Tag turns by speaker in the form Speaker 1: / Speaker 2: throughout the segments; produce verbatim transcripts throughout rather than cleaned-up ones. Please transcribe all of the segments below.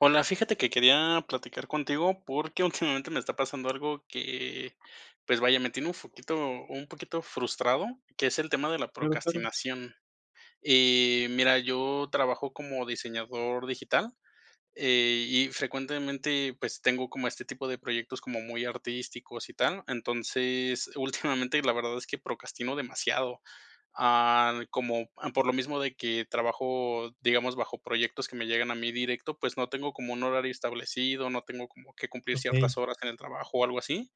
Speaker 1: Hola, fíjate que quería platicar contigo porque, últimamente me está pasando algo que, pues vaya, me tiene un foquito un poquito frustrado, que es el tema de la
Speaker 2: Claro, claro.
Speaker 1: procastinación, Em, mira, yo trabajo como diseñador digital, eh, y frecuentemente, pues, tengo como este tipo de proyectos como muy artísticos y tal. Entonces, últimamente, la verdad es que procrastino demasiado. Ah, como por lo mismo de que trabajo, digamos, bajo proyectos que me llegan a mí directo, pues, no tengo como un horario establecido. No tengo como que cumplir ciertas
Speaker 2: Okey.
Speaker 1: horas en el trabajo o algo así.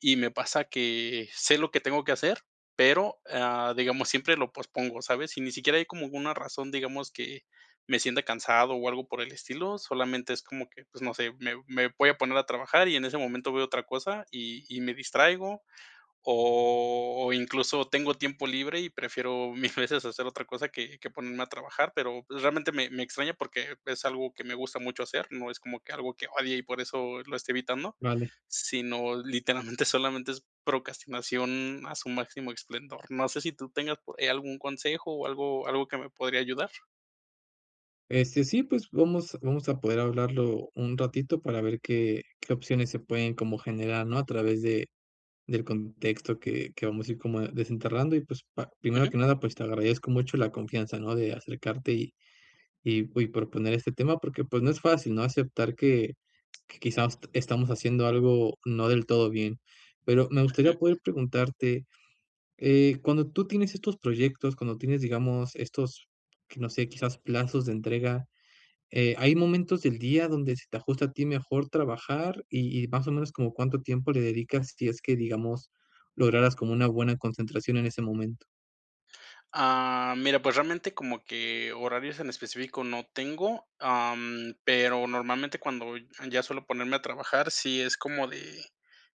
Speaker 1: Y me pasa que, sé lo que tengo que hacer, pero, ah, digamos, siempre lo pospongo, ¿sabes? Y ni siquiera hay como alguna razón, digamos que me sienta cansado o algo por el estilo, solamente es como que, pues, no sé, me me voy a poner a trabajar y en ese momento veo otra cosa y y me distraigo o incluso tengo tiempo libre y prefiero mil veces hacer otra cosa que que ponerme a trabajar, pero realmente me me extraña porque es algo que me gusta mucho hacer, no es como que algo que odie y por eso lo estoy evitando.
Speaker 2: Vale.
Speaker 1: Sino, literalmente, solamente es procastinación a su máximo esplendor. No sé, si tú tengas po eh, algún consejo o algo algo que me podría ayudar.
Speaker 2: Este, sí, pues vamos vamos a poder hablarlo un ratito para ver qué qué opciones se pueden como generar, ¿no?, a través de del contexto que que vamos a ir como desenterrando y pues pa primero
Speaker 1: Ujú.
Speaker 2: que nada, pues te agradezco mucho la confianza, ¿no?, de acercarte y y y proponer este tema porque, pues, no es fácil, ¿no?, aceptar que quizás estamos haciendo algo no del todo bien, pero me gustaría
Speaker 1: Ujú.
Speaker 2: poder preguntarte, eh, cuando tú tienes estos proyectos, cuando tienes, digamos, estos, que no sé, quizás plazos de entrega, eh, ¿hay momentos del día donde se te ajusta a ti mejor trabajar y y más o menos como cuánto tiempo le dedicas si es que digamos lograras como una buena concentración en ese momento?
Speaker 1: Ah, mira, pues realmente como que horarios en específico no tengo, am, pero normalmente cuando n ya suelo ponerme a trabajar, sí es como de,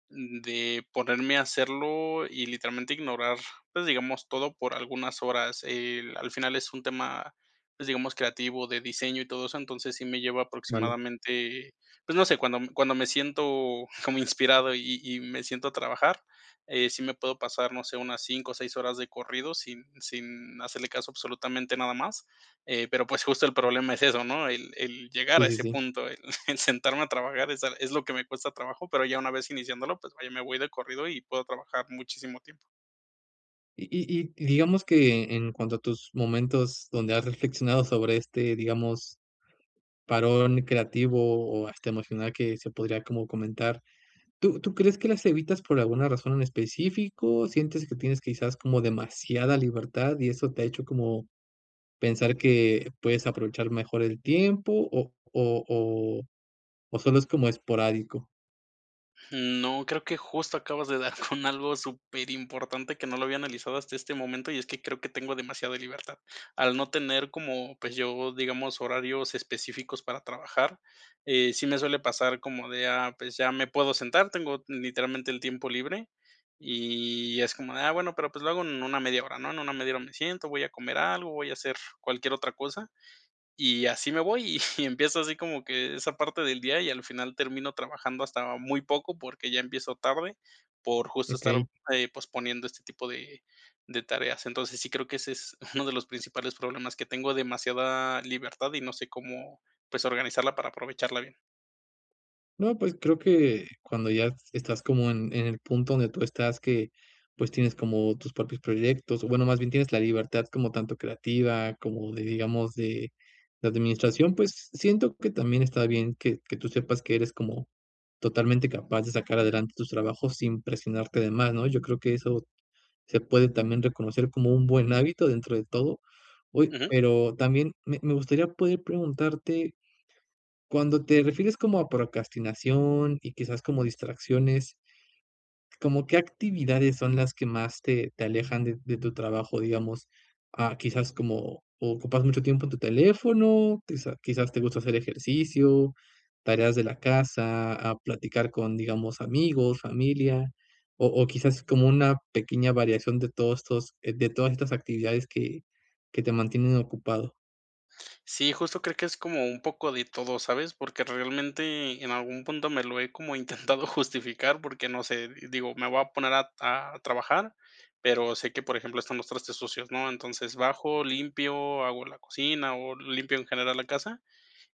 Speaker 1: de ponerme a hacerlo y literalmente ignorar, pues digamos, todo por algunas horas. Eh, l al final es un tema, pues digamos, creativo de diseño y todo eso, entonces sí me lleva
Speaker 2: Vale.
Speaker 1: aproximadamente pues no sé, cuando me cuando me siento como inspirado y y me siento a trabajar, eh, sí me puedo pasar, no sé, unas cinco o seis horas de corrido sin, sin hacerle caso a absolutamente a nada más. Eh, pero pues justo el problema es eso, ¿no?, el el llegar
Speaker 2: Sí,
Speaker 1: a
Speaker 2: sí,
Speaker 1: ese
Speaker 2: sí.
Speaker 1: punto, el el sentarme a trabajar, es al es lo que me cuesta trabajo, pero ya una vez iniciándolo, pues vaya, me voy de corrido y puedo trabajar muchísimo tiempo.
Speaker 2: Y y y digamos que en cuanto a tus momentos donde has reflexionado sobre este, digamos parón creativo o hasta emocional que se podría como comentar, ¿tú tú crees que las evitas por alguna razón en específico, sientes que tienes quizás como demasiada libertad, y eso te ha hecho como pensar que puedes aprovechar mejor el tiempo o o o o solo es como esporádico?
Speaker 1: No, creo que justo acabas de dar con algo superimportante que no lo había analizado hasta este momento y es que creo que tengo demasiada libertad. Al no tener como, pues yo, digamos, horarios específicos para trabajar, eh, sí me suele pasar como de: "Ah, pues ya me puedo sentar". Tengo literalmente el tiempo libre y es como de: "Ah, bueno, pero pues lo hago en una media hora". ¿No? En una media hora me siento, voy a comer algo, voy a hacer cualquier otra cosa, y así me voy. Y y empieza así como que esa parte del día y al final termino trabajando hasta muy poco porque ya empiezo tarde por justo estar,
Speaker 2: Okey.
Speaker 1: eh, posponiendo este tipo de de tareas. Entonces, sí creo que ese es uno de los principales problemas que tengo demasiada libertad y no sé cómo, pues, organizarla para aprovecharla bien.
Speaker 2: No, pues, creo que cuando ya estás como en en el punto donde tú estás, que, pues, tienes como tus propios proyectos, o bueno, más bien, tienes la libertad como tanto creativa como de, digamos, de de administración, pues, siento que también está bien que que tú sepas que eres como totalmente capaz de sacar adelante tus trabajos sin presionarte de más, ¿no?, yo creo que eso se puede también reconocer como un buen hábito, dentro de todo. Uy,
Speaker 1: Ujú.
Speaker 2: pero también me me gustaría poder preguntarte cuándo te refieres como a procrastinación y quizás como distracciones ¿cómo qué actividades son las que más te te alejan de de tu trabajo? Digamos, ah, quizás como, ¿ocupas mucho tiempo en tu teléfono, quizá quizás te gusta hacer ejercicio, tareas de la casa, ah, platicar con, digamos, amigos, familia o o quizás como una pequeña variación de todos estos, eh, de todas estas actividades que que te mantienen ocupado?
Speaker 1: Sí, justo creo que es como un poco de todo, ¿sabes? Porque, realmente, en algún punto me lo he intentado justificar, porque no sé, digo, me voy a poner a a trabajar, pero sé que, por ejemplo, están los trastes sucios, ¿no? Entonces, bajo, limpio, hago la cocina o limpio en general la casa,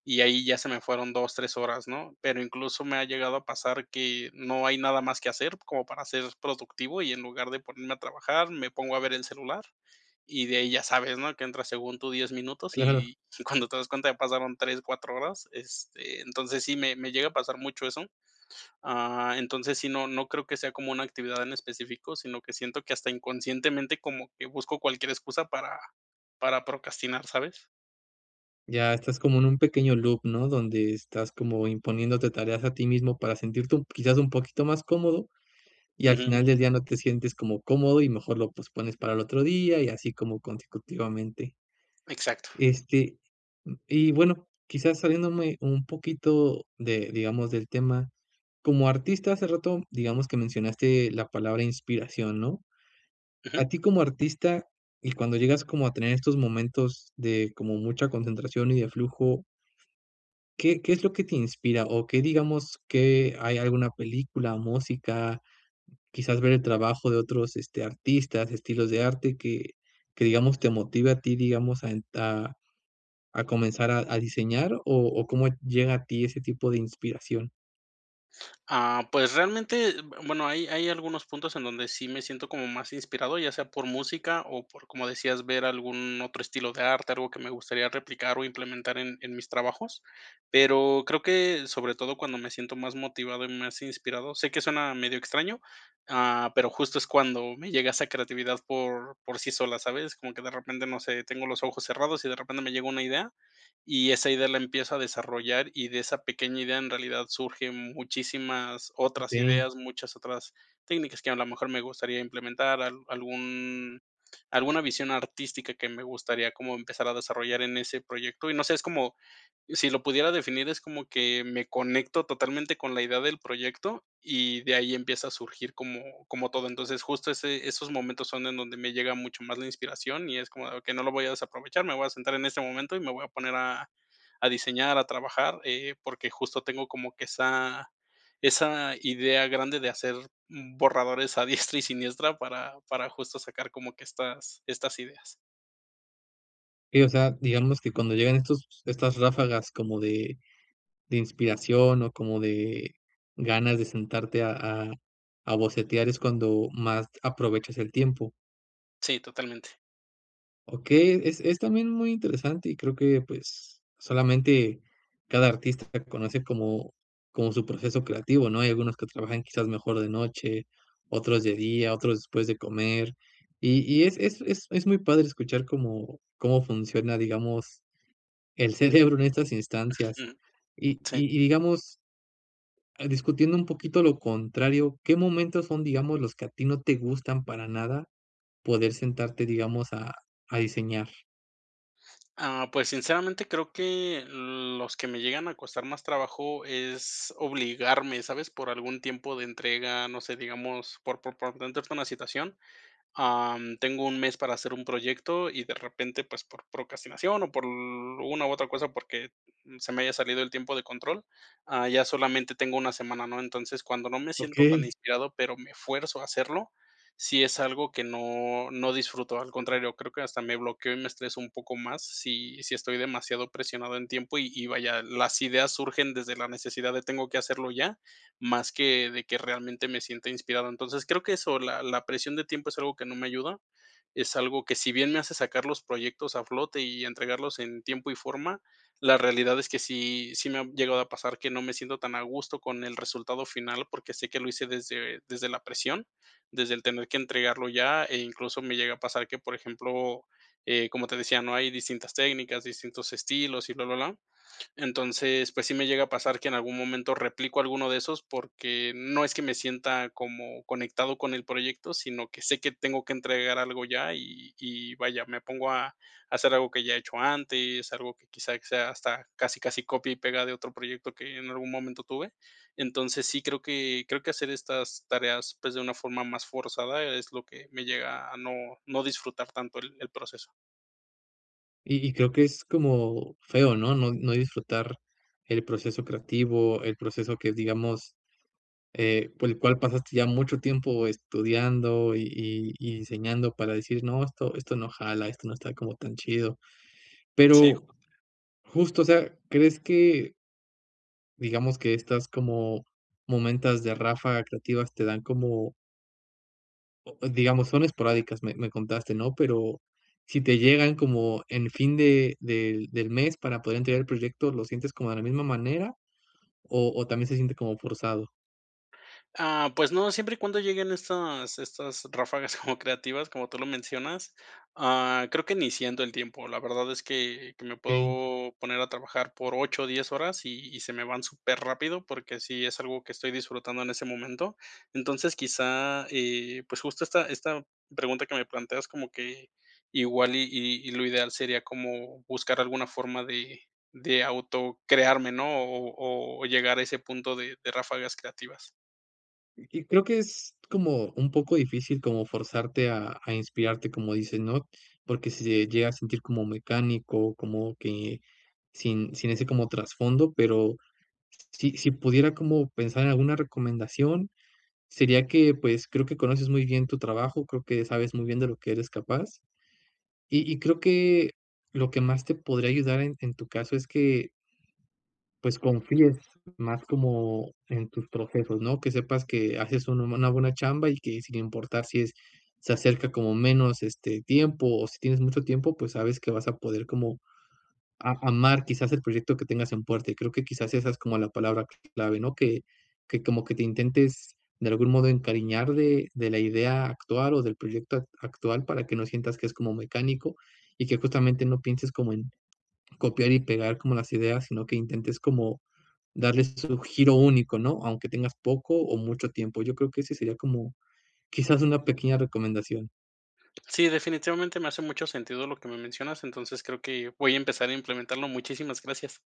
Speaker 1: y ahí ya se me fueron dos, tres horas, ¿no? Pero incluso me ha llegado a pasar que no hay nada más que hacer como para ser productivo, y en lugar de ponerme a trabajar, me pongo a ver el celular y de ahí ya sabes, ¿no?, que entras, según tú, diez minutos
Speaker 2: Claro.
Speaker 1: y y cuando te das cuenta, ya pasaron tres, cuatro horas, este, entonces, sí me me llega a pasar mucho eso. Ah, entonces sí, no no creo que sea como una actividad en específico, sino que siento que hasta inconscientemente como que busco cualquier excusa para para procrastinar, ¿sabes?
Speaker 2: Ya, estás como en un pequeño loop, ¿no?, donde estás como imponiéndote tareas a ti mismo, para sentirte un, quizás, un poquito más cómodo y, al
Speaker 1: Ujú.
Speaker 2: final del día, no te sientes como cómodo y mejor lo pospones para el otro día, y así como consecutivamente.
Speaker 1: Exacto.
Speaker 2: Este, mm, y bueno, quizás saliéndome un poquito de, digamos, del tema, como artista hace rato, digamos que mencionaste la palabra inspiración, ¿no?,
Speaker 1: Ujú.
Speaker 2: a ti como artista y cuando llegas como a tener estos momentos de como mucha concentración y de flujo. ¿Qué qué es lo que te inspira? O que digamos que hay alguna película, o música, quizás, ver el trabajo de otros, este, artistas, estilos de arte que que, digamos, te motive a ti, digamos a ent a a comenzar a a diseñar, ¿o o cómo llega a ti ese tipo de inspiración?
Speaker 1: Ah, pues, realmente, b bueno, hay hay algunos puntos en donde sí me siento como más inspirado, ya sea por música o por, como decías, ver algún otro estilo de arte, algo que me gustaría replicar o implementar en en mis trabajos, pero creo que, sobre todo cuando me siento más motivado y más inspirado, sé que suena medio extraño, ah, pero, justo, es cuando me llega esa creatividad por por sí sola, ¿sabes?, como que de repente, no sé, tengo los ojos cerrados y de repente me llegó una idea, y esa idea la empiezo a desarrollar, y de esa pequeña idea, en realidad surgen muchísimas otras
Speaker 2: Okey.
Speaker 1: ideas, muchas otras técnicas que, a lo mejor, me gustaría implementar al algún alguna visión artística que me gustaría como empezar a desarrollar en ese proyecto y no sé, es como si lo pudiera definir es como que me conecto totalmente con la idea del proyecto y de ahí empieza a surgir como como todo. Entonces, justo, ese esos momentos son en donde me llega mucho más la inspiración y es como, ah, que no lo voy a desaprovechar, me voy a sentar en este momento y me voy a poner a a diseñar, a trabajar, eh, porque, justo, tengo como que esa esa idea grande de hacer borradores a diestra y siniestra para para, justo, sacar como que estas estas ideas.
Speaker 2: Sí, o sea, digamos que cuando llegan estos estas ráfagas como de de inspiración o como de ganas de sentarte a bocetear, es cuando más aprovechas el tiempo.
Speaker 1: Sí, totalmente.
Speaker 2: Okey, es es también muy interesante y creo que, pues, solamente cada artista puede conocer como como su proceso creativo, ¿no?, hay algunos que trabajan quizás mejor de noche, otros de día, otros después de comer, y y es es es es muy padre escuchar cómo cómo funciona, digamos, el cerebro en estas instancias
Speaker 1: Ujú.
Speaker 2: y
Speaker 1: Sí.
Speaker 2: y y digamos ah, discutiendo un poquito lo contrario, ¿qué momentos son, digamos, los que a ti no te gustan para nada poder sentarte, digamos, a a diseñar?
Speaker 1: Ah, pues, sinceramente, creo que los que me llegan a costar más trabajo es obligarme, ¿sabes?, por algún tiempo de entrega, no sé, digamos, por por por contexto una situación, ah, tengo un mes para hacer un proyecto y, de repente, pues, por procrastinación o por una u otra cosa, porque se me haya salido el tiempo de control, ah, ya solamente tengo una semana, ¿no? Entonces, cuando no me siento tan
Speaker 2: Okey.
Speaker 1: inspirado, pero me fuerzo a hacerlo, si es algo que no no disfruto, al contrario, creo que hasta me bloqueo y me estreso un poco más si si estoy demasiado presionado en tiempo y y, vaya, las ideas surgen desde la necesidad de, tengo que hacerlo ya, más que de que, realmente, me sienta inspirado. Entonces, creo que eso, la la presión de tiempo es algo que no me ayuda, es algo que, si bien me hace sacar los proyectos a flote y entregarlos en tiempo y forma, la realidad es que sí sí me ha llegado a pasar que no me siento tan a gusto con el resultado final, porque sé que lo hice desde desde la presión, desde el tener que entregarlo ya e incluso me llega a pasar que, por ejemplo, eh, como te decía, no hay distintas técnicas, distintos estilos y blablablá. Entonces, pues, sí me llega a pasar que, en algún momento, replico alguno de esos, porque no es que me sienta como conectado con el proyecto, sino que sé que tengo que entregar algo ya y y vaya, me pongo a hacer algo que ya he hecho antes, algo que quizá sea hasta casi, casi copia y pega de otro proyecto que en algún momento tuve. Entonces sí, creo que creo que hacer estas tareas, pues, de una forma más forzada es lo que me llega a no no disfrutar tanto el el proceso.
Speaker 2: Y y creo que es como feo, ¿no?, no no disfrutar el proceso creativo, el proceso que digamos, eh, por el cual pasaste ya mucho tiempo estudiando y y y enseñando para decir: "No, esto esto no jala, esto no está como tan chido".
Speaker 1: Sí.
Speaker 2: Pero justo, o sea, ¿crees que digamos que estas como momentas de ráfaga creativas te dan como o digamos, son esporádicas, me me contaste, no? Pero si te llegan como en fin de de del mes para poder entregar el proyecto, ¿lo sientes como de la misma manera o o también se siente como forzado?
Speaker 1: Ah, pues no, siempre y cuando lleguen estas estas ráfagas como creativas como tú lo mencionas. Ah, creo que ni siento el tiempo. La verdad es que que me
Speaker 2: Okey.
Speaker 1: puedo poner a trabajar por ocho o diez horas y y se me van superrápido porque sí es algo que estoy disfrutando en ese momento. Entonces quizá, eh pues justo esta esta pregunta que me planteas como que igual y -y y lo ideal sería como buscar alguna forma de de autocrearme, ¿no?, o o o llegar a ese punto de de ráfagas creativas.
Speaker 2: Y y creo que es como un poco difícil como forzarte a a inspirarte, como dices, ¿no?, porque sí se llega a sentir como mecánico, como que sin sin ese como trasfondo, pero s si si pudiera como pensar en alguna recomendación, sería que, pues, creo que conoces muy bien tu trabajo, creo que sabes muy bien de lo que eres capaz, y y creo que lo que más te podría ayudar en en tu caso, es que pues, confíes más como en tus procesos, ¿no?, que sepas que haces una buena buena chamba y que, sin importar si es se acerca como menos, este, tiempo o si tienes mucho tiempo, pues, sabes que vas a poder como a amar, quizás, el proyecto que tengas en puerta. Y creo que quizás, esa es como la palabra clave, ¿no?, que que, como que te intentes, de algún modo, encariñar de de la idea actual o del proyecto ac actual para que no sientas que es como mecánico y que, justamente, no pienses como en copiar y pegar como las ideas, sino que intentes como darles su giro único, ¿no?, aunque tengas poco o mucho tiempo. Yo creo que ese sería como, quizás, una pequeña recomendación.
Speaker 1: Sí, definitivamente, me hace mucho sentido lo que me mencionas. Entonces, creo que voy a empezar a implementarlo. Muchísimas gracias.